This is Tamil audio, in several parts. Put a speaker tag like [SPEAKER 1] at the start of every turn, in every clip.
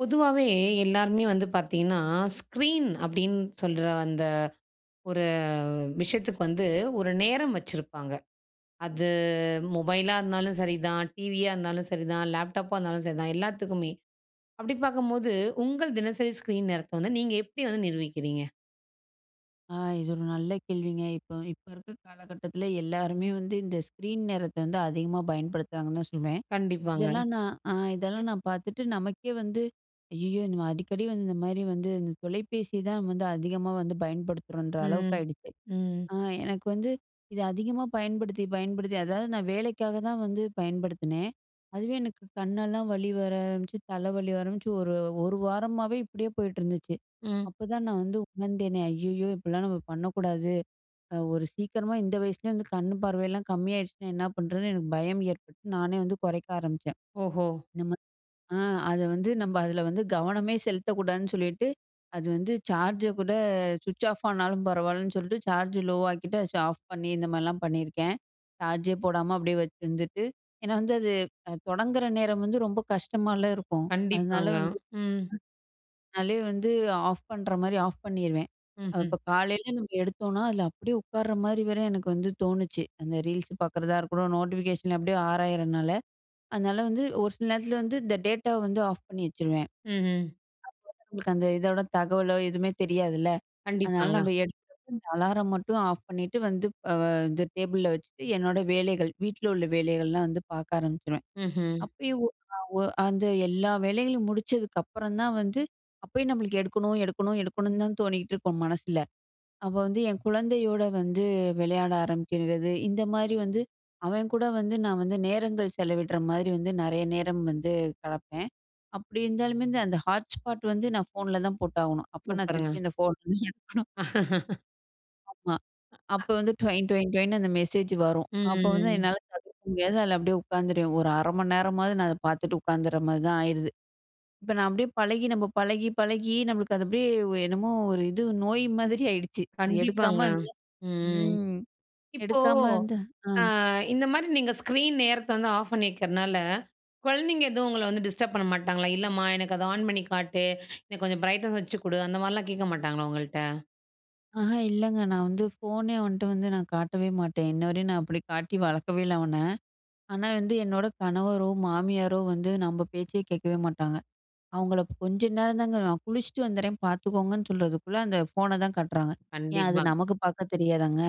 [SPEAKER 1] பொதுவாவே எல்லாருமே வந்து பார்த்திங்கன்னா, ஸ்க்ரீன் அப்படின்னு சொல்ற அந்த ஒரு விஷயத்துக்கு வந்து ஒரு நேரம் வச்சிருப்பாங்க. அது மொபைலா இருந்தாலும் சரிதான். டிவியா இருந்தாலும் சரி தான். லேப்டாப்பா இருந்தாலும் சரிதான் எல்லாத்துக்குமே. அப்படி பார்க்கும்போது, உங்க தினசரி ஸ்க்ரீன் நேரத்த வந்து நீங்க எப்படி வந்து நிர்வகிக்கிறீங்க?
[SPEAKER 2] ஆ இது ஒரு நல்ல கேள்விங்க. இப்போ இப்போ இருக்கிற காலகட்டத்தில எல்லாருமே வந்து இந்த ஸ்க்ரீன் நேரத்த வந்து அதிகமாக பயன்படுத்துறாங்கன்னு தான் சொல்லுவேன். அ
[SPEAKER 1] கண்டிப்பாங்க.
[SPEAKER 2] இதெல்லாம் நான், அ இதெல்லாம் நான் பார்த்துட்டு நமக்கே வந்து "ஐயயோ! இந்த அடிக்கடி வந்து இந்த மாதிரி வந்து இந்த தொலைபேசி தான் வந்து அதிகமா வந்து பயன்படுத்துறோம்ன்ற" அளவுக்கு
[SPEAKER 1] ம்,
[SPEAKER 2] ஆகிடுச்சு.
[SPEAKER 1] ம்.
[SPEAKER 2] ஆ எனக்கு வந்து இத அதிகமா பயன்படுத்தி பயன்படுத்தி, அதாவது நான் வேலைக்காக தான் வந்து பயன்படுத்தினேன். அதுவே எனக்கு கண்ணெல்லாம் வலி வர ஆரம்பிச்சு, தலை வலி ஆரம்பிச்சு, ஒரு 1 வாரமாவே இப்படியே போயிட்டு இருந்துச்சு.
[SPEAKER 1] ம்.
[SPEAKER 2] அப்பதான் நான் வந்து உணர்ந்தேனே. "ஐயயோ! இப்படிலாம் நம்ம பண்ணக்கூடாது ஒரு சீக்கிரமா இந்த வயசுலயே வந்து கண் பார்வையெல்லாம் கம்மி ஆயிடுச்சுனா என்ன பண்ணுறதுன்னு" எனக்கு பயம் ஏற்பட்டு, நானே வந்து குறைக்க ஆரம்பிச்சேன்.
[SPEAKER 1] ஓஹோ!
[SPEAKER 2] நம்ம அ அத வந்து நம்ம அதில வந்து கவனம் செலுத்தக்கூடாதுன்னு சொல்லிட்டு அது வந்து, சார்ஜ கூட சுவிட்ச் ஆஃப் ஆனாலும் பரவாயில்லன்னு சொல்லிட்டு சார்ஜ் லோ ஆக்கிட்டு, அத ஆஃப் பண்ணி இந்த மாதிரிலாம் பண்ணியிருக்கேன். சார்ஜே போடாம அப்படியே வச்சுருந்துட்டு ஏன்னா வந்து அது தொடங்கிற நேரம் வந்து ரொம்ப கஷ்டமாலாம் இருக்கும். அதனால்
[SPEAKER 1] கண்டிப்பாங்க,
[SPEAKER 2] வந்து,
[SPEAKER 1] ம்.
[SPEAKER 2] [unintelligible] அதே வந்து ஆஃப் பண்ணுற மாரி ஆஃப் பண்ணிடுவேன்.
[SPEAKER 1] ம்ஹ்ம்.
[SPEAKER 2] இப்போ காலையில நம்ம எடுத்தோம்னா அதில அப்படியே உட்கார்ற மாதிரி வர்ற எனக்கு வந்து தோணுச்சு. அந்த Reels பார்க்குறதா இருக்கட்டும். நோட்டிஃபிகேஷன் அப்படியே ஆராயிதுறனால அதனால வந்து ஒரு சில நேரத்தில வந்து இந்த டேட்டாவ வந்து ஆஃப் பண்ணி வச்சுடுவேன். அப்போ
[SPEAKER 1] ம்ஹ்ம்.
[SPEAKER 2] தான் நம்மளுக்கு அந்த இதோட தகவலோ, எதுவுமே தெரியாதுல்ல. அதனால
[SPEAKER 1] கண்டிப்பாங்க.
[SPEAKER 2] நம்ம எடுக்கிற அலாரம் மட்டும் ஆஃப் பண்ணிட்டு வந்து இந்த டேபிள்ல வச்சுட்டு என்னோடய வேலைகள், வீட்டல உள்ள வேலைகள்லாம் வந்து பார்க்க ஆரம்பிச்சுருவேன்.
[SPEAKER 1] ம்ஹ்ம்.
[SPEAKER 2] அப்பயும் அந்த எல்லா வேலைகளையும் முடிச்சதுக்கு அப்புறம் தான் வந்து, அப்பயும் நம்மளுக்கு "எடுக்கணும் எடுக்கணும் எடுக்கணும்னு" தான் தோணிட்டு இருக்கும் மனசில. அப்ப வந்து என் குழந்தையோட வந்து விளையாட ஆரம்பிக்கிறது. இந்த மாதிரி வந்து அவன் கூட வந்து நான் வந்து நேரங்கள் செலவிடுற மாரி வந்து நெறைய நேரம் வந்து கெடப்பேன். அப்டி இருந்தாலுமே வந்து அந்த ஹாட்ஸ்பாட் வந்து நான் ஃபோன்ல தான் போட்டாகணும். அப்போ நான்
[SPEAKER 1] சூப்பருங்க.
[SPEAKER 2] திருப்பி அந்த ஃபோன் எடுக்கணும். ஆமா. அப்ப
[SPEAKER 1] [unintelligible]
[SPEAKER 2] வந்து டொயின் டொயின்னு அந்த மெசேஜ் வரும். அப்ப வந்து
[SPEAKER 1] ம்.
[SPEAKER 2] என்னால தவிர்க்க முடியாது, அதுல அப்டியே உட்காந்துருவேன். ஒரு 1/2 மணி நேரமாவது, நான் அத பாத்துட்டு உட்காந்துற மாரி தான் ஆயிருது. இப்ப நான் அப்டியே பழகி, நம்ம பழகி பழகி நமக்கு அது அப்டியே ஒ என்னமோ ஒரு இது நோய் மாதிரி ஆயிடுச்சு அது
[SPEAKER 1] கண்டிப்பாங்க.
[SPEAKER 2] எடுக்காம இருந்தா
[SPEAKER 1] ம்.
[SPEAKER 2] ம்.
[SPEAKER 1] இப்போ,
[SPEAKER 2] எடுக்காம வந்து அ
[SPEAKER 1] ஆ இந்த மாரி நீங்க ஸ்க்ரீன் நேரத்த வந்து ஆஃப் பண்ணி வைக்குறதுனால, குழந்தைங்க எதுவும் உங்கள வந்து டிஸ்டர்ப் பண்ண மாட்டாங்களா? "இல்லம்மா எனக்கு அத ஆன் பண்ணி காட்டு எனக்கு கொஞ்சம் ப்ரைட்னெஸ் வச்சு குடு" அந்த மாரிலாம் கேட்க மாட்டாங்களா உங்கள்ட்ட?
[SPEAKER 2] ஆஹ, இல்லங்க நான் வந்து ஃபோனே அவன்ட வந்து நான் காட்டவே மாட்டேன். இன்ன வரயும், நான் அப்டி காட்டி வளக்கவே இல்ல அவன. ஆனா வந்து, என்னோட கணவரோ, மாமியாரோ வந்து நம்ம பேச்சே கேட்கவே மாட்டாங்க. அவங்கள கொஞ்சம் நேரம் தாங்க, "நான் குளிச்சிட்டு வந்துறேன் பாத்துக்கோங்கன்னு" சொல்றதுக்குள்ள அந்த ஃபோன தான் காட்டுறாங்க. ஏன், அது
[SPEAKER 1] கண்டிப்பா.
[SPEAKER 2] நமக்கு பாக்க தெரியாதாங்க?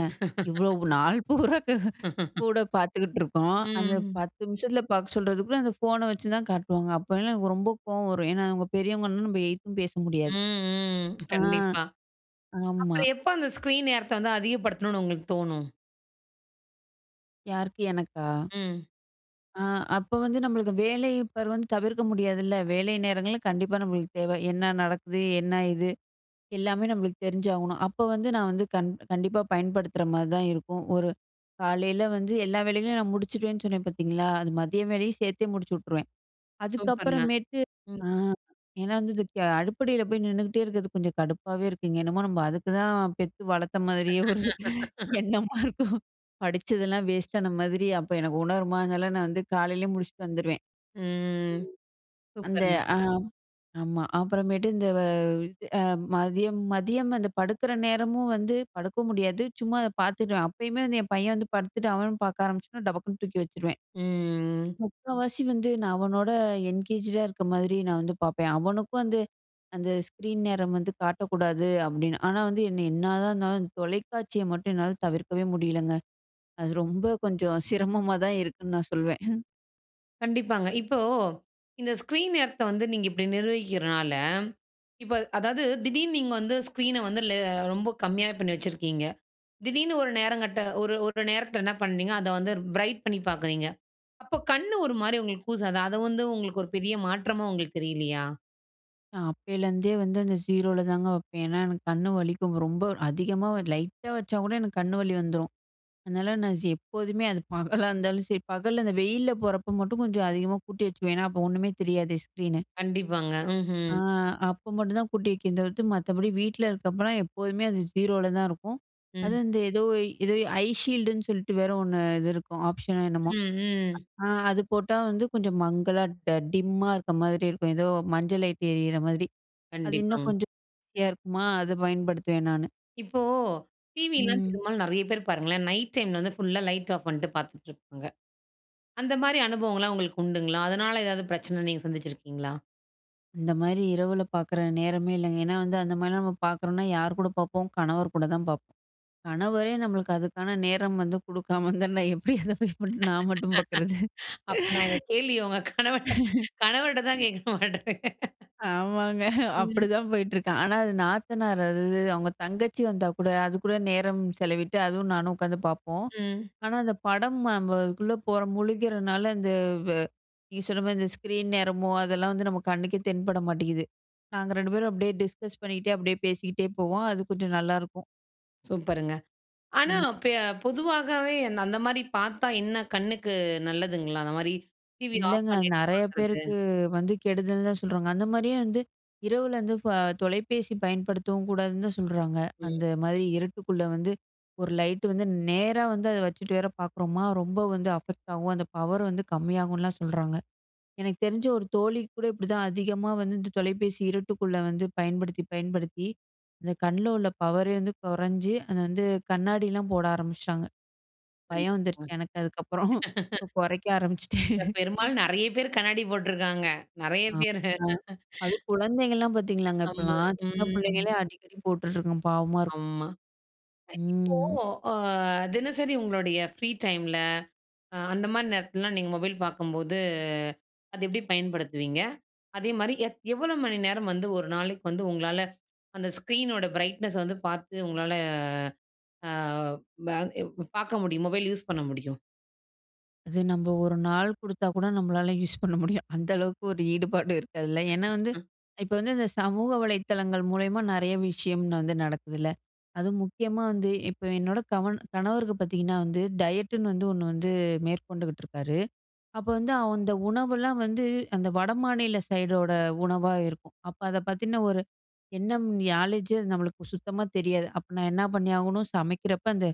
[SPEAKER 2] இவ்ளோ நாள் பூரா கூட பாத்துக்கிட்டு இருக்கோம். அந்த
[SPEAKER 1] ம்.
[SPEAKER 2] 10 நிமிஷத்துல பாக்க சொல்றதுக்குள்ள அந்த ஃபோன வச்சுதான் காட்டுவாங்க. அப்போலாம், எனக்கு ரொம்ப கோவம் வரும். ஏன்னா, அவங்க பெரியவங்கன்னு நம்ம எதித்தும் பேச முடியாது.
[SPEAKER 1] ம் ம்.
[SPEAKER 2] ஆ.
[SPEAKER 1] கண்டிப்பா.
[SPEAKER 2] ஆமா.
[SPEAKER 1] அப்பறம் எப்ப அந்த ஸ்க்ரீன் நேரத்த வந்து அதிகப்படுத்தணும்னு உங்களுக்கு தோணும்?
[SPEAKER 2] யாருக்கு? எனக்கா?
[SPEAKER 1] ம்.
[SPEAKER 2] ஆ, அப்போ வந்து நம்மளுக்கு வேலை பார் வந்து தவிர்க்க முடியாதுல்ல. வேலை நேரங்கள்ல கண்டிப்பா நம்மளுக்கு தேவ என்ன நடக்குது? என்ன இது? எல்லாமே நம்மளுக்கு தெரிஞ்சாகணும். அப்போ வந்து நான் வந்து கண் கண்டிப்பா பயன்படுத்துகிற மாதிரி தான் இருக்கும். ஒரு காலையில வந்து எல்லா வேலைகளையும் நான் முடிச்சிடுவேன்னு சொன்னேன் பாத்தீங்களா, அது மதிய வேலையும் சேர்த்தே முடிச்சு விட்டுருவேன்.
[SPEAKER 1] சூப்பருங்க,
[SPEAKER 2] அதுக்கப்புறமேட்டு
[SPEAKER 1] ம்.
[SPEAKER 2] அ ஏன்னா வந்து இது அடுப்படியில போய் நின்னுட்டே இருக்கிறது கொஞ்சம் கடுப்பாவே இருக்கு. இங்க என்னமோ நம்ம அதுக்கு தான் பெத்து வளர்த்த மாதிரியே ஒரு எண்ணமா இருக்கும். படிச்சதெல்லாம் வேஸ்ட்டான மாதிரி அப்போ எனக்கு உணர்மா அதுனால, நான் வந்து காலையிலயே முடிச்சுட்டு வந்துருவேன்.
[SPEAKER 1] ம்,
[SPEAKER 2] அந்த
[SPEAKER 1] சூப்பருங்க.
[SPEAKER 2] ஆ ஆமா. அப்புறமேட்டு இந்த அது மதியம், மதியம் அந்த படுக்கிற நேரமும் வந்து படுக்க முடியாது. சும்மா அத பாத்துடுவேன். அப்பயுமே வந்து என் பையன் வந்து படுத்துட்டு அவனும் பாக்க ஆரம்பிச்சனா, டபக்குன்னு தூக்கி வச்சுடுவேன்.
[SPEAKER 1] ம்.
[SPEAKER 2] முக்காவாசி வந்து நான் அவனோட என்கேஜ் டா இருக்கிற மாதிரி நான் வந்து பாப்பேன். "அவனுக்கும் வந்து அந்த ஸ்க்ரீன் நேரம் வந்து காட்டக்கூடாது" அப்படின்னு. ஆனா வந்து என்ன என்னதான் இருந்தாலும், அந்த தொலைக்காட்சிய மட்டும் என்னால தவிர்க்கவே முடியலங்க. அது ரொம்ப கொஞ்சம் சிரமமா தான் இருக்குன்னு நான் சொல்வேன்.
[SPEAKER 1] கண்டிப்பாங்க இப்போ, இந்த ஸ்க்ரீன் நேரத்த வந்து நீங்க இப்டி நிர்வகிக்கிறதுனால, இப்ப அதாவது திடீர்னு நீங்க வந்து ஸ்க்ரீன வந்து லே ரொம்ப கம்மியா பண்ணி வச்சிருக்கீங்க, திடீர்னு ஒரு நேரம் கட்ட ஒரு ஒரு நேரத்தில் என்ன பண்றீங்க? அத வந்து பிரைட் பண்ணி பார்க்குறீங்க, அப்ப கண்ணு ஒரு மாரி உங்களுக்கு கூசாதா? அத வந்து உங்களுக்கு ஒரு பெரிய மாற்றமா உங்களுக்கு தெரியலையா?
[SPEAKER 2] நான் அப்பேலருந்தே வந்து அந்த 0ல தாங்க வப்பேன். ஏன்னா எனக்கு கண் வலிக்கும் ரொம்ப, அதிகமா லைட்டா வச்சா கூட எனக்கு கண் வலி வந்துரும். அதனால நான் ஜீ எப்போதுமே அது பகலா இருந்தாலும் சரி, பகல்ல அந்த வெயில்ல போறப்போ மட்டும் கொஞ்சம் அதிகமா கூட்டி வச்சுக்குவேன் ஏனா அப்போ ஒண்ணுமே தெரியாதே ஸ்க்ரீனு.
[SPEAKER 1] கண்டிப்பாங்க
[SPEAKER 2] ஆ
[SPEAKER 1] ம்ஹ்ம்.
[SPEAKER 2] அப்ப மட்டும் தான் கூட்டி வைக்கிறது தவித்து மற்றபடி வீட்டில இருக்கப்போலாம் எப்போதுமே, அது 0ல தான் இருக்கும். அது
[SPEAKER 1] ம்.
[SPEAKER 2] வந்து ஏதோ ஏதோ ஐ ஷீல்டுன்னு சொல்லிட்டு வேற ஒண்ணு இது இருக்கும். ஆப்ஷன் னோ என்னமோ,
[SPEAKER 1] ம் ம்.
[SPEAKER 2] அ அது போட்டா வந்து கொஞ்சம் மங்கலா டிம்மா இருக்கிற மாதிரி இருக்கும். ஏதோ மஞ்ச லைட் எரியிற மாரி. அது இன்னும்
[SPEAKER 1] கண்டிப்பாங்க.
[SPEAKER 2] கொஞ்சம் ஈஸியா இருக்குமா, அதை பயன்படுத்துவேன் நானு.
[SPEAKER 1] இப்போ டிவிலாம்,
[SPEAKER 2] ம்.
[SPEAKER 1] பெரும்பாலும் நெறைய பேரு பாருங்களேன், நைட் டைம்ல வந்து ஃபுல்லா லைட் ஆஃப் பண்ணிட்டு பார்த்துட்டு இருப்பாங்க. அந்த மாரி அனுபவங்கள்லாம் உங்களுக்கு உண்டுங்களா? அதனால ஏதாவது பிரச்சனை நீங்க சந்திச்சிருக்கீங்களா?
[SPEAKER 2] இந்த மாதிரி இரவுல பாக்கிற நேரமே இல்லங்க. ஏன்னா வந்து அந்த மாரிலாம் நம்ம பாக்குறோம்னா யார் கூட பார்ப்போம், கணவர் கூட தான் பார்ப்போம். கணவரே நம்மளுக்கு அதுக்கான நேரம் வந்து குடுக்காம இருந்தா எப்படி அதை போய் நான் மட்டும் பார்க்கறது?
[SPEAKER 1] அப்ப நான் இந்த கேள்விய உங்க கணவன் கணவர்ட்ட தான் கேட்கணும் அடுத்து.
[SPEAKER 2] ஆமாங்க.
[SPEAKER 1] ம்.
[SPEAKER 2] அப்படிதான் போயிட்டுருக்கேன். ஆனா, அது நாத்தனார் அது அவங்க தங்கச்சி வந்தா கூட, அதுக்கூட நேரம் செலவிட்டு அதுவும் நானும் உட்காந்து பார்ப்போம்.
[SPEAKER 1] ம்.
[SPEAKER 2] ஆனா, அந்த படம் நம்ம அதுக்குள்ளே போகிற முழுக்கிறனால, அந்த வ் வ நீங்க சொன்ன மாதிரி இந்த ஸ்க்ரீன் நேரமோ, அதெல்லாம் வந்து நம்ம கண்ணுக்கே தென்பட மாட்டேங்குது. நாங்க 2 பேரும் அப்படியே டிஸ்கஸ் பண்ணிகிட்டே அப்படியே பேசிக்கிட்டே போவோம். அது கொஞ்சம் நல்லாயிருக்கும்.
[SPEAKER 1] சூப்பருங்க. ஆனா,
[SPEAKER 2] ம்.
[SPEAKER 1] பே பொதுவாகவே அந்த மாதிரி பாத்தா என்ன கண்ணுக்கு நல்லதுங்களா? அந்த மாரி டிவி ஆஃப்
[SPEAKER 2] இல்லங்க.
[SPEAKER 1] பண்ணிட்டு
[SPEAKER 2] நெறைய
[SPEAKER 1] பாக்குறது.
[SPEAKER 2] பேருக்கு வந்து கெடுதல் தான் சொல்றாங்க. அந்த மாரியும் வந்து இரவுல வந்து தொலைபேசி பயன்படுத்தவும் கூடாதுன்னு தான் சொல்றாங்க.
[SPEAKER 1] ம்.
[SPEAKER 2] அந்த மாதிரி இருட்டுக்குள்ளே வந்து ஒரு லைட் வந்து நேரா வந்து அதை வச்சுட்டு வேற பார்க்குறோமா. ரொம்ப வந்து அஃபெக்ட் ஆகும். அந்த பவர் வந்து கம்மியாகும்லாம் சொல்றாங்க. எனக்கு தெரிஞ்சு ஒரு தோழிக்கு கூட இப்படி தான் அதிகமா வந்து இந்த தொலைபேசி இருட்டுக்குள்ள வந்து பயன்படுத்தி, பயன்படுத்தி அந்த கண்ல உள்ள பவரே வந்து குறைஞ்சு அதை வந்து கண்ணாடிலாம் போட ஆரம்பிச்சுட்டாங்க. பயம் வந்துருச்சு
[SPEAKER 1] கண்டிப்பாங்க.
[SPEAKER 2] எனக்கு அதுக்கப்புறம் குறைக்க ஆரம்பிச்சுட்டேன்.
[SPEAKER 1] பெரும்பாலும் நெறைய பேர் கண்ணாடி போட்டிருக்காங்க. நெறைய பேர்.
[SPEAKER 2] ஆமா, அதுவும் குழந்தைங்கலாம் பாத்தீங்களாங்க,
[SPEAKER 1] ஆமா,
[SPEAKER 2] இப்போலாம் சின்ன
[SPEAKER 1] ம்.
[SPEAKER 2] பிள்ளைங்களே அடிக்கடி போட்டுட்ருங்க பாவமா இருக்கும்.
[SPEAKER 1] ஆமா.
[SPEAKER 2] ம்.
[SPEAKER 1] இப்போ அ தினசரி உங்களுடைய ஃப்ரீ டைம்ல, அ அந்த மாதிரி நேரத்துலலாம் நீங்க மொபைல் பாக்கும்போது அத எப்படி பயன்படுத்துவீங்க? அதேமாரி எ எவ்வளோ மணி நேரம் வந்து ஒரு நாளைக்கு வந்து உங்களால அந்த ஸ்க்ரீனோட பிரைட்னஸ் வந்து பாத்து உங்களால அ ப பாக்க முடியும், மொபைல் யூஸ் பண்ண முடியும்.
[SPEAKER 2] அது நம்ப 1 நாள் குடுத்தா கூட நம்பளால யூஸ் பண்ண முடியும். அந்த அளவுக்கு ஒரு ஈடுபாடு இருக்கு அதுல. ஏன்னா வந்து
[SPEAKER 1] [unintelligible]
[SPEAKER 2] இப்ப வந்து இந்த சமூக வலைத்தளங்கள் மூலியமா நெறைய விஷயம் வந்து நடக்குதுல்ல, அதுவும் முக்கியமா வந்து இப்ப "என்னோட கணவன் கணவருக்கு பாத்தீங்கன்னா வந்து, டயட்டுன்னு வந்து ஒண்ணு வந்து மேற்கொண்டுகிட்டுருக்காரு. அப்ப வந்து அந்த உணவெல்லாம் வந்து, அந்த வடமாநில சைடோட உணவா இருக்கும். அப்ப அத பத்தின ஒரு எண்ணம் நாலேஜ் ஜு நம்மளுக்கு சுத்தமா தெரியாது. அப்ப நான் என்னா பண்ணி ஆகணும்! சமைக்கிறப்ப அந்த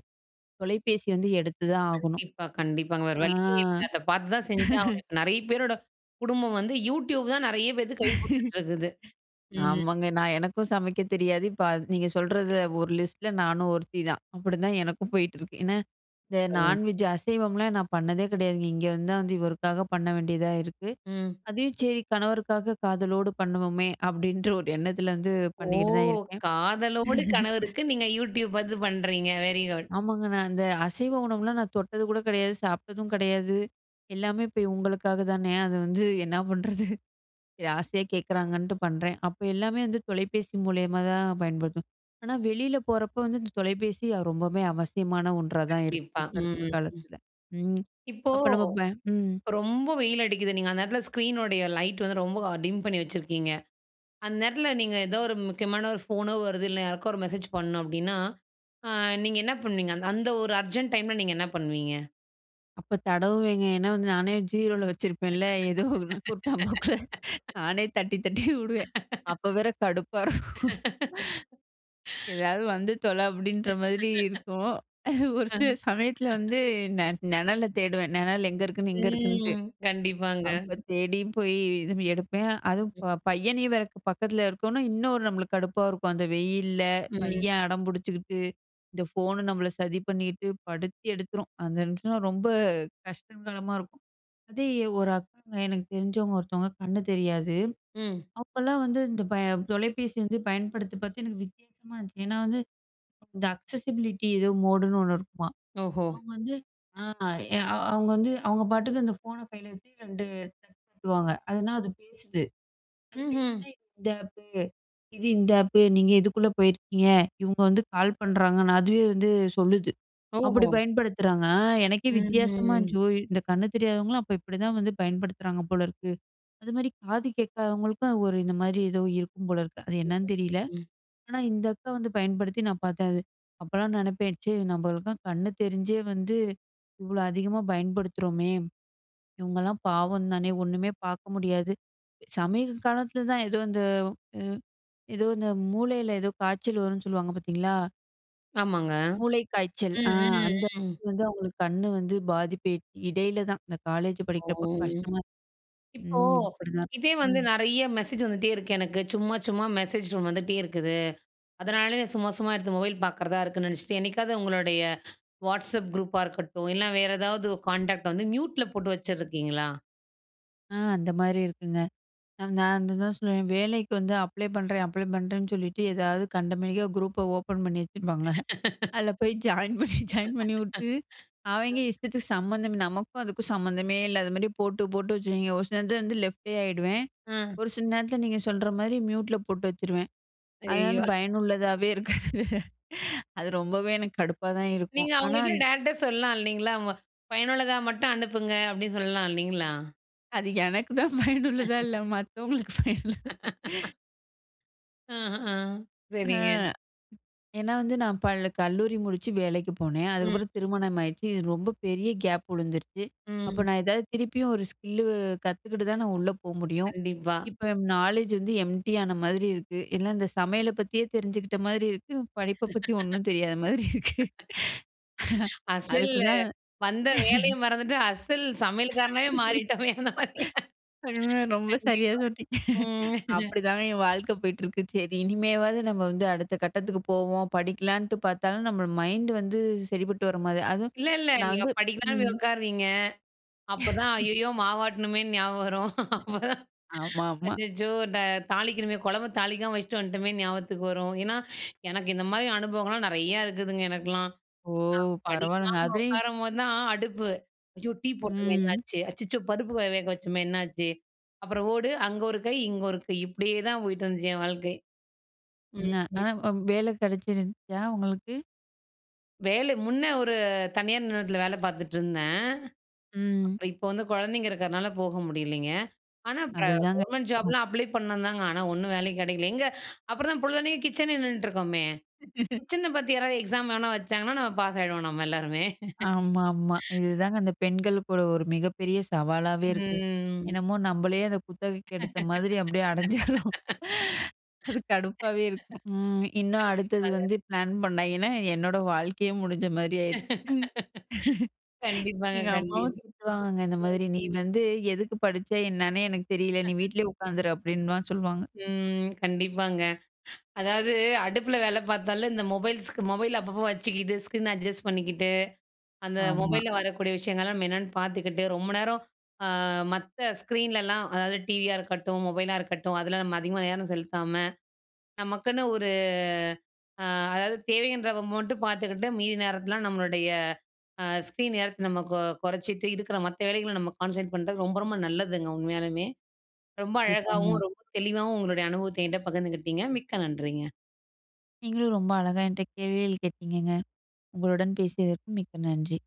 [SPEAKER 2] தொலைபேசிய வந்து எடுத்து தான் ஆகணும்.
[SPEAKER 1] கண்டிப்பா கண்டிப்பாங்க. வேற
[SPEAKER 2] அ.
[SPEAKER 1] வழியே இல்லை. அதை பாத்து தான் செஞ்சு ஆவணும். இப்போ நெறைய பேரோட குடும்பம் வந்து YouTube தான் நெறைய பேத்துக்கு கை குடுத்துட்டுருக்குது. ம்.
[SPEAKER 2] ஆமாங்க நான் எனக்கும் சமைக்கத் தெரியாது. இப்ப அத் நீங்க சொல்றதுல ஒரு லிஸ்ட்ல நானும் ஒருத்திதான், அப்படிதான் எனக்கும் போயிட்டு இருக்கு. ஏன்னா
[SPEAKER 1] இப்ப
[SPEAKER 2] இந்த
[SPEAKER 1] பாருங்க
[SPEAKER 2] நான்வெஜ்ஜு, அசைவம்லாம் நான் பண்ணதே கிடையாதுங்க. இங்க வந்து தான் வந்து இவருக்காக பண்ண வேண்டியதா இருக்கு.
[SPEAKER 1] ம்.
[SPEAKER 2] "அதையும் சரி கணவருக்காக காதலோடு பண்ணுவோமே" அப்படின்ற ஒரு எண்ணத்துல வந்து
[SPEAKER 1] ஓ!
[SPEAKER 2] பண்ணிக்கிட்டு தான் இருக்கேன்.
[SPEAKER 1] காதலோடு கணவருக்கு நீங்க YouTube பாத்து பண்றீங்க. Very good!
[SPEAKER 2] ஆமாங்க நான் அந்த அசைவ உணவுலாம் நான் தொட்டது கூட கிடையாது, சாப்பிட்டதும் கிடையாது. எல்லாமே இப்ப இவுங்களுக்காக தானே! அது வந்து என்னா பண்ணுறது, சரி ஆசையா கேக்கறாங்கன்ட்டு பண்றேன். அப்ப எல்லாமே வந்து தொலைபேசி மூலியமா தான் பயன்படுத்து ஆனா வெளியில போறப்ப வந்து இந்த தொலைபேசி அ ரொம்பவும் அவசியமான ஒன்றா தான் இருக்கு,
[SPEAKER 1] கண்டிப்பா.
[SPEAKER 2] இப்ப
[SPEAKER 1] ம்
[SPEAKER 2] இருக்க
[SPEAKER 1] ஹ்ம் ம்.
[SPEAKER 2] காலத்தில. ம்.
[SPEAKER 1] இப்போ
[SPEAKER 2] அப்போ நம்ம ப ம்.
[SPEAKER 1] ரொம்ப வெயில் அடிக்குது. நீங்க அந்த நேரத்துல ஸ்க்ரீனுடைய லைட் வந்து ரொம்ப டிம் பண்ணி வச்சிருக்கீங்க. அந்த நேரத்துல நீங்க ஏதோ ஒரு முக்கியமான ஒரு ஃபோனோ வருது, இல்லை யாருக்கோ ஒரு மெசேஜ் பண்ணணும் அப்படின்னா, அ நீங்க என்ன பண்ணுவீங்க? அந்த ஒரு அர்ஜெண்ட் டைம்ல நீங்க என்ன பண்ணுவீங்க?
[SPEAKER 2] அப்போ தடவுவேங்க. ஏன்னா வந்து, நானே ஜீரோல வச்சிருப்பேன்ல ஏதோ குருட்டாம் போக்குல நானே தட்டி, தட்டி உடுவேன். அப்போ வேற கடுப்பா இருக்கும். ஏதாவது வந்து தொலை அப்டின்ற மாரி இருக்கும். ஒரு
[SPEAKER 1] அ.
[SPEAKER 2] சில சமயத்துல வந்து நெ நெணல தேடுவேன். நெணல் எங்க இருக்குன்னு, இங்க இருக்குன்ட்டு.
[SPEAKER 1] ம், கண்டிப்பாங்க.
[SPEAKER 2] அப்போ தேடியும் போய் இது எடுப்பேன். அதுவும் பையனையும் வேற பக்கத்தில இருக்கோம்னா, இன்னும் நம்பளுக்கு கடுப்பா இருக்கும். அந்த வெயில்ல,
[SPEAKER 1] ம்.
[SPEAKER 2] பையன் அடம் பிடிச்சுக்கிட்டு, இந்த ஃபோன் நம்பள சதி பண்ணிகிட்டு படுத்தி எடுத்துரும். அந்த நிமிஷன்னா ரொம்ப கஷ்டங்காலமா இருக்கும். அதே, ஒரு அக்காங்க. எனக்கு தெரிஞ்சவங்க ஒருத்தவங்க கண்ணு தெரியாது.
[SPEAKER 1] ம்.
[SPEAKER 2] அப்போலாம் வந்து இந்த தொலைபேசி வந்து பயன்படுத்தி பாத்து எனக்கு வித்தியாசமா இருந்துச்சு. ஏன்னா, வந்து இந்த அக்சஸிபிலிட்டி ஏதோ மோடுன்னு 1 இருக்குமாம்.
[SPEAKER 1] ஓஹோ!
[SPEAKER 2] அவங்க வந்து, ஆ அவங்க வந்து அவங்க பாட்டுக்கு அந்த ஃபோன கையில வச்சு 2 [unintelligible] வாங்க. அதுனா, அது பேசுது, அது
[SPEAKER 1] ம்ஹ்ம்.
[SPEAKER 2] பேசினா இந்த ஆப்பு, இது இந்த ஆப்பு நீங்க இதுக்குள்ளே போயிருக்கீங்க. இவங்க வந்து கால் பண்ணுறாங்கன்னு அதுவே வந்து சொல்லுது. அப்டி
[SPEAKER 1] ஓஹோ!
[SPEAKER 2] பயன்படுத்துறாங்க, எனக்கே வித்தியாசமா
[SPEAKER 1] ம்ஹ்ம்.
[SPEAKER 2] இருந்துச்சு. ஓ! இந்த கண்ணு தெரியாதவங்களும் அப்போ இப்டி தான் வந்து பயன்படுத்துறாங்க போல இருக்கு. அது மாதிரி காது கேட்காதவங்களுக்கும் ஒரு இந்த மாதிரி ஏதோ இருக்கும் போல இருக்கு, அது என்னன்னு தெரியல.
[SPEAKER 1] [unintelligible]
[SPEAKER 2] ஆனா, இந்த அக்கா வந்து பயன்படுத்தி நான் பாத்தேன். அது. அப்போலாம் நினைப்பேன், ச்ச நம்பளுக்கும் கண்ணு தெரிஞ்சே வந்து இவ்ளோ அதிகமா பயன்படுத்துறோமே, இவங்கலாம் பாவம் தானே ஒண்ணுமே பாக்க முடியாது. சமீப காலத்துல தான் ஏதோ இந்த, ம். ஏதோ இந்த மூளையில ஏதோ காய்ச்சல் வரும்ன்னு சொல்லுவாங்க, பாத்தீங்களா?
[SPEAKER 1] ஆமாங்க.
[SPEAKER 2] மூளைக்காய்ச்சல்.
[SPEAKER 1] ம்,
[SPEAKER 2] அ அந்த
[SPEAKER 1] ம், ம்.
[SPEAKER 2] [unintelligible] வந்து அவுங்களுக்கு கண்ணு வந்து பாதிப்பு இ இடையில தான் இந்த காலேஜூ
[SPEAKER 1] ஓ!
[SPEAKER 2] படிக்கிறப்போ கஷ்டமா
[SPEAKER 1] இப்போ,
[SPEAKER 2] ம் அப்படிதான்.
[SPEAKER 1] இதே வந்து
[SPEAKER 2] ம்.
[SPEAKER 1] நெறைய மெசேஜ் வந்துட்டே இருக்கு எனக்கு. சும்மா, சும்மா மெசேஜ் டோன் வந்துட்டே இருக்குது. அதனாலயே நான் சும்மா, சும்மா எடுத்து மொபைல் பாக்கறதா இருக்குன்னு நெனைச்சிட்டு, என்னைக்காவது உங்களுடைய வாட்ஸ்அப் குரூப்பா இருக்கட்டும், இல்லன்னா வேறு ஏதாவது கான்டாக்ட் வந்து மியூட்ல போட்டு வச்சுருக்கீங்களா?
[SPEAKER 2] ஆ, அந்த மாரி இருக்குங்க. நான் அதுதான் சொல்லுவேன். வேலைக்கு வந்து அப்ளை பண்றேன் அப்ளை பண்றேன்னு சொல்லிட்டு, ஏதாவது கண்டமேனிக்கா குரூப்ப ஓப்பன் பண்ணி வச்சுருப்பாங்க. அதுல போயி ஜாயின் பண்ணி, ஜாயின் பண்ணிவுட்டு, அவய்ங்க இஷ்டத்துக்கு சம்மந்தமே நமக்கும் அதுக்கும் சம்மந்தமே இல்லாத மாரி போட்டு, போட்டு வச்சுருவாய்ங்க. ஒரு சில நேரத்துல வந்து லெஃப்டே ஆயிடுவேன்.
[SPEAKER 1] அ.
[SPEAKER 2] ஒரு சில நேரத்துல நீங்க சொல்ற மாரி மியூட்ல போட்டு வச்சுருவேன். அதனால
[SPEAKER 1] அய்யயோ!.
[SPEAKER 2] பயனுள்ளதாவே இருக்காது. அது ரொம்பவே எனக்கு கடுப்பா தான் இருக்கும்.
[SPEAKER 1] நீங்க
[SPEAKER 2] ஆனா
[SPEAKER 1] அவங்கள்ட்ட டைரக்ட்டா சொல்லலாம் இல்லைங்களா? அ "பயனுள்ளதா மட்டும் அனுப்புங்க" அப்படின்னு சொல்லலாம் இல்லைங்களா?
[SPEAKER 2] அது எனக்கு தான் பயனுள்ளதா இல்ல மத்தவங்களுக்கு பயனுள்ள
[SPEAKER 1] ஆஹான்,
[SPEAKER 2] ஆ.
[SPEAKER 1] சரிங்க.
[SPEAKER 2] ஏன்னா வந்து நான் பள் கல்லூரி முடிச்சு வேலைக்கு போனேன்.
[SPEAKER 1] ம்.
[SPEAKER 2] அதுக்கப்புறம் திருமணம் ஆயிடுச்சு. இது ரொம்ப பெரிய கேப் உழுந்துருச்சு. அப்போ
[SPEAKER 1] ம்.
[SPEAKER 2] நான் ஏதாவது திருப்பியும் ஒரு ஸ்கில்லு கத்துக்கிட்டு தான் நான் உள்ள போ முடியும்.
[SPEAKER 1] கண்டிப்பா.
[SPEAKER 2] இப்போ ம் நாலேட்ஜ் வந்து எம்ப்டியான மாதிரி இருக்கு. எல்லாம் இந்த சமையல பத்தியே தெரிஞ்சுகிட்ட மாதிரி இருக்கு, படிப்பை பத்தி ஒண்ணும் தெரியாத மாதிரி இருக்கு.
[SPEAKER 1] அசல்லு
[SPEAKER 2] அதுக்குதான்.
[SPEAKER 1] வந்த வேலையை மறந்துட்டு, அசல் சமையல்காரனாவே மாறிட்டோமே! அந்த மாரியா?
[SPEAKER 2] .அ, ரொம்ப சரியா
[SPEAKER 1] கண்டிப்பா.
[SPEAKER 2] சொன்னீங்க.
[SPEAKER 1] ம்.
[SPEAKER 2] அப்படிதான் என் வாழ்க்கை போயிட்டுருக்கு. சரி இனிமேவாவது நம்ம வந்து அடுத்த கட்டத்துக்கு போவோம், படிக்கலான்ட்டு பாத்தாலும் நம்மளோட மைண்டு வந்து, சரிப்பட்டு வர மாரி அதுவும்
[SPEAKER 1] இல்ல ,இல்ல.
[SPEAKER 2] நான்
[SPEAKER 1] நீங்க
[SPEAKER 2] வந்து
[SPEAKER 1] படிக்கலாம்ன்னு போய்
[SPEAKER 2] ம்.
[SPEAKER 1] உட்காருவீங்க. அப்போதான் ஐயயோ! மாவாட்டணுமேன்னு ஞாபகம் வரும். அப்போதான்,
[SPEAKER 2] ஆமாமா.
[SPEAKER 1] "அச்சச்சோ! ட தாளிக்கணுமே, கொழம்ப தாளிக்காம வச்சுட்டு வந்துட்டோமே" ஞாபகத்துக்கு வரும். ஏன்னா, எனக்கு இந்த மாரி அனுபவங்கள்லாம் நெறையா இருக்குதுங்க, எனக்கெல்லாம்.
[SPEAKER 2] ஓ!
[SPEAKER 1] நான்
[SPEAKER 2] பரவால்லங்க.
[SPEAKER 1] படிக்கலாம்ன்னு
[SPEAKER 2] அதையும்
[SPEAKER 1] உக்காரம்போது தான், அடுப்பு "ஐயோ டீ போட்டோமே
[SPEAKER 2] ம்.
[SPEAKER 1] என்னாச்சு? அச்சச்சோ! பருப்பு வ வேக வச்சோமே என்னாச்சு?" அப்புறம் ஓடு. அங்கே ஒரு கை, இங்க ஒரு கை. இப்படியே தான் போய்ட்டுருந்துச்சு, என் வாழ்க்கை.
[SPEAKER 2] ன்ன,
[SPEAKER 1] ம், ம்.
[SPEAKER 2] ஆனா, அவ் வேலை கிடைச்சிருந்துச்சா, உங்களுக்கு?
[SPEAKER 1] வேலை முன்னே ஒரு தனியார் நிறுவனத்துல வேலை பாத்துட்டிருந்தேன்.
[SPEAKER 2] ம்.
[SPEAKER 1] அப்புறம் இப்போ வந்து கொழந்தைங்க இருக்கிறனால போக முடியலைங்க. ஆனா இப்ப
[SPEAKER 2] அதுதாங்க,
[SPEAKER 1] கவர்மெண்ட்
[SPEAKER 2] ம்.
[SPEAKER 1] ஜாப்லாம் அப்ளை பண்ணேன் தாங்க. ஆனா ஒண்ணும் வேலையும் கிடைக்கல. எங்கே, அப்புறம் தான் பொழுதன்னைக்கும் கிச்சனே நின்னுட்டுருக்கோமே! கிச்சன பத்தி யாராவது எக்ஸாம் வேணா வச்சாங்கன்னா, நம்ம பாஸ் ஆயிடுவோம் நம்ம எல்லாருமே.
[SPEAKER 2] ஆமா ஆமா. இதுதாங்க அந்த பெண்களுக்குக் கூட ஒரு மிகப்பெரிய சவாலாவே இருக்கு.
[SPEAKER 1] ம்.
[SPEAKER 2] என்னமோ நம்பளே அத குத்தகைக்கு எடுத்த மாதிரி அப்படியே அடைஞ்சிடுறோம். அது கடுப்பாகவே இருக்கும். ம், இன்னும் அடுத்தது
[SPEAKER 1] கண்டிப்பாங்க.
[SPEAKER 2] வந்து பிளான் பண்ணாய்ங்கன்னா, என்னோடய வாழ்க்கையே முடிஞ்ச மாரி ஆயிரு
[SPEAKER 1] கண்டிப்பாங்க,
[SPEAKER 2] எங்க அம்மாவும்
[SPEAKER 1] கண்டிப்
[SPEAKER 2] திட்டுவாங்கங்க. இந்த மாதிரி "நீ வந்து எதுக்கு படிச்ச, என்னன்னே எனக்கு தெரியல! நீ வீட்லயே உக்காந்துரு." அப்படின்னுலாம் சொல்லுவாங்க.
[SPEAKER 1] ம், கண்டிப்பாங்க. அதாவது அடுப்புல வேலை பாத்தாலே, இந்த மொபைல்-, மொபைல் அப்பப்போ வச்சுக்கிட்டு, ஸ்க்ரீன் அட்ஜஸ்ட் பண்ணிக்கிட்டு, அந்த
[SPEAKER 2] ஆமா.
[SPEAKER 1] மொபைல்ல வரக்கூடிய விஷயங்கள்லாம் நம்ம என்னன்னு பாத்துக்கிட்டு, ரொம்ப நேரம் அ மத்த ஸ்க்ரீன்லலாம், அதாவது டிவியா இருக்கட்டும், மொபைலா இருக்கட்டும், அதுல நம்ம அதிகமா நேரம் செலுத்தாம, நமக்குன்னு ஒரு அ அதாவது தேவைன்றப்ப மட்டும் பாத்துக்கிட்டு, மீதி நேரத்துலலாம் நம்மளுடைய அ ஸ்க்ரீன் நேரத்தை நம்ம கொ கொறைச்சுட்டு, இருக்கிற மத்த வேலைகள நம்ம கான்சன்ட்ரேட் பண்ணுறது ரொம்ப ரொம்ப நல்லதுங்க உண்மையாலுமே. ரொம்ப அழகாவும்,
[SPEAKER 2] கண்டிப்பாங்க.
[SPEAKER 1] ரொம்ப தெளிவாவும் உங்களுடைய அனுபவத்த என்ட்ட பகிந்துகிட்டங்க. மிக்க நன்றிங்க.
[SPEAKER 2] நீங்களும் ரொம்ப அழகா என்ட்ட கேள்விகள் கேட்டீங்கங்க. உங்களுடன் பேசியதற்கு மிக்க நன்றி.